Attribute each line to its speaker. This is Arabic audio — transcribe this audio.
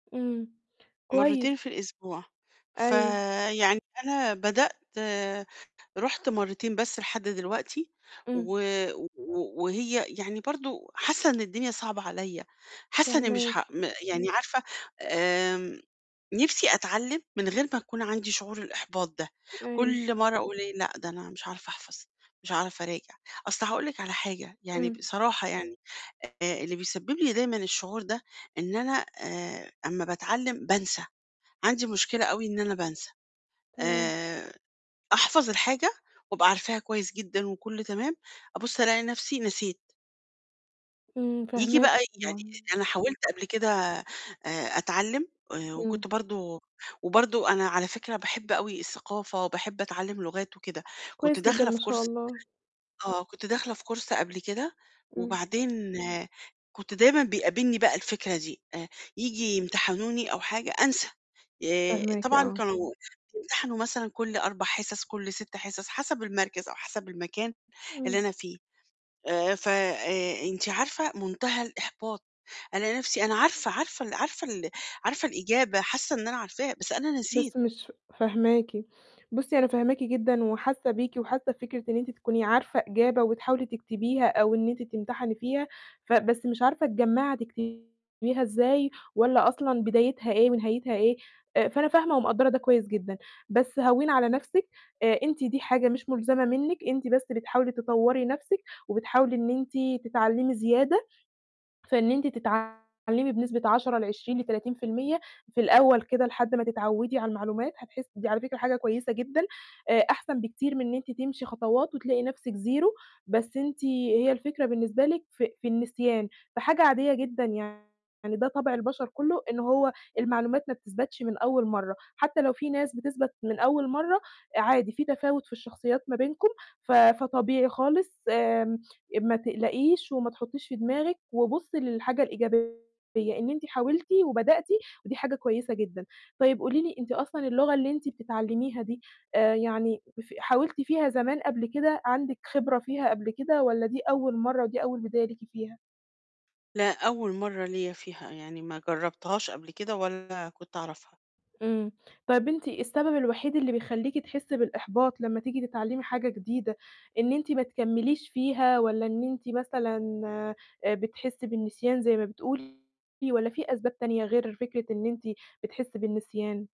Speaker 1: إمم. كويس.
Speaker 2: مرتين في الأسبوع.
Speaker 1: أيوه.
Speaker 2: فيعني أنا بدأت رُحت مرتين بس لحد دلوقتي و
Speaker 1: إمم.
Speaker 2: و وهي يعني برضو حاسة إن الدنيا صعبة عليَّ، حاسة إني مش ح
Speaker 1: فاهماكِ.
Speaker 2: م يعني عارفة، آمم، نفْسي أتعلم من غير ما يكون عندي شعور الإحباط ده،
Speaker 1: أيوه.
Speaker 2: كل مرّة أقول إيه لأ، ده أنا مش هاعرف أحفظ، مش هاعرف أراجع، أصل هاقول لِك على حاجة، يعني
Speaker 1: إمم.
Speaker 2: بصراحة يعني آآ اللي بيسبب لي دايمًا الشعور ده إن أنا آآ أمّا باتعلم بانسى، عندي مشكلة أوي إن أنا بانسى.
Speaker 1: تمام.
Speaker 2: آآ أحفظ الحاجة وابقى عارفاها كويس جدًا وكُلّه تمام، أبُص ألاقي نفْسي نسيت.
Speaker 1: إمم،
Speaker 2: ييجي
Speaker 1: فاهماكِ.
Speaker 2: بقى يعني
Speaker 1: طبعًا.
Speaker 2: لإن أنا
Speaker 1: [unintelligible]
Speaker 2: حاولت قبل كده آآ، أتعلم آآ،
Speaker 1: إمم.
Speaker 2: وكنت برضو وبرضو أنا على فكرة باحب أوي الثقافة وباحب أتعلم لغات وكده. كنت
Speaker 1: كويس جدًا،
Speaker 2: داخلة
Speaker 1: ما
Speaker 2: في
Speaker 1: شاء
Speaker 2: course
Speaker 1: الله.
Speaker 2: آه، كنت داخلة في course قبل كده،
Speaker 1: إمم.
Speaker 2: وبعدين كنت دايمًا بيقابلني بقى الفكرة دي، آآ، ييجي يمتحنوني أو حاجة أنسى، آآ
Speaker 1: فاهماكِ،
Speaker 2: طبعًا
Speaker 1: آه.
Speaker 2: كانوا بيمتحنوا مثلًا كل 4 حصص، كل 6 حصص حسب المركز أو حسب المكان اللي
Speaker 1: امم.
Speaker 2: أنا فيه. آآ، ف آآ، أنتِ عارفة منتهى الإحباط، ألاقي نفْسي أنا عارفة عارفة ال عارفة ال عارفة الإجابة، حاسة إن أنا عارفاها، بس أنا نسيت.
Speaker 1: بس مش ف فاهماكِ. بُصي، أنا فاهماكِ جدًا وحاسة بيكِ وحاسة بفكرة إن أنتِ تكوني عارفة إجابة وتحاولي تكتبيها أو إن أنتِ تمتحني فيها، ف بس مش عارفة تجمَّعي هتكتبيها إزاي، والّا أصلًا بدايتها إيه ونهايتها إيه، آآ، فأنا فاهمة ومقدَّرة ده كويس جدًا. بس هوّني على نفْسِك، آآ أنتِ دي حاجة مش ملزمة منِك، أنتِ بس بتحاولي تطوري نفْسِك وبتحاولي إن أنتِ تتعلمي زيادة، في إن أنتِ تتعلمي بنسبة 10، ل20، ل30%، في الأول كده لحد ما تتعودي على المعلومات هتحسي دي على فكرة حاجة كويسة جدًا، آآ أحسن بكتير من إن أنتِ تمشي خطوات وتلاقي نفْسِك زيرو، بس أنتِ هي الفكرة بالنسبة لِك في في النسيان، فحاجة عادية جدًا يعني، ده طَبْع البشر كله إن هو المعلومات ما بتثبَتش من أول مرة، حتى لو في ناس بتثبَت من أول مرة، عادي في تفاوت في الشخصيات ما بينكم، ف فطبيعي خالص، آمم، أ ما تقلقيش وما تحطيش في دماغِك وبُصي للحاجة الإيجابية إن أنتِ حاولتِ وبدأتِ، ودي حاجة كويسة جدًا. طيب قولي لي أنتِ أصلًا اللغة اللي أنتِ بتتعلميها دي آآ يعني ف حاولتِ فيها زمان قبل كده، عندِك خبرة فيها قبل كده والّا دي أول مرة ودي أول بداية ليكِ فيها؟
Speaker 2: لأ، أول مرة ليَّ فيها، يعني ما جرَّبتهاش قبل كده ولا كنت أعرفها.
Speaker 1: إمم. طَب أنتِ السبب الوحيد اللي بيخلّيكِ تحسي بالإحباط لمّا تيجي تتعلمي حاجة جديدة إن أنتِ ما تكمليش فيها، والّا إن أنتِ مثلًا آآ بتحسي بالنسيان زي ما بتقولي، والّا في أسباب تانية غير فكرة إن أنتِ بتحسي بالنسيان؟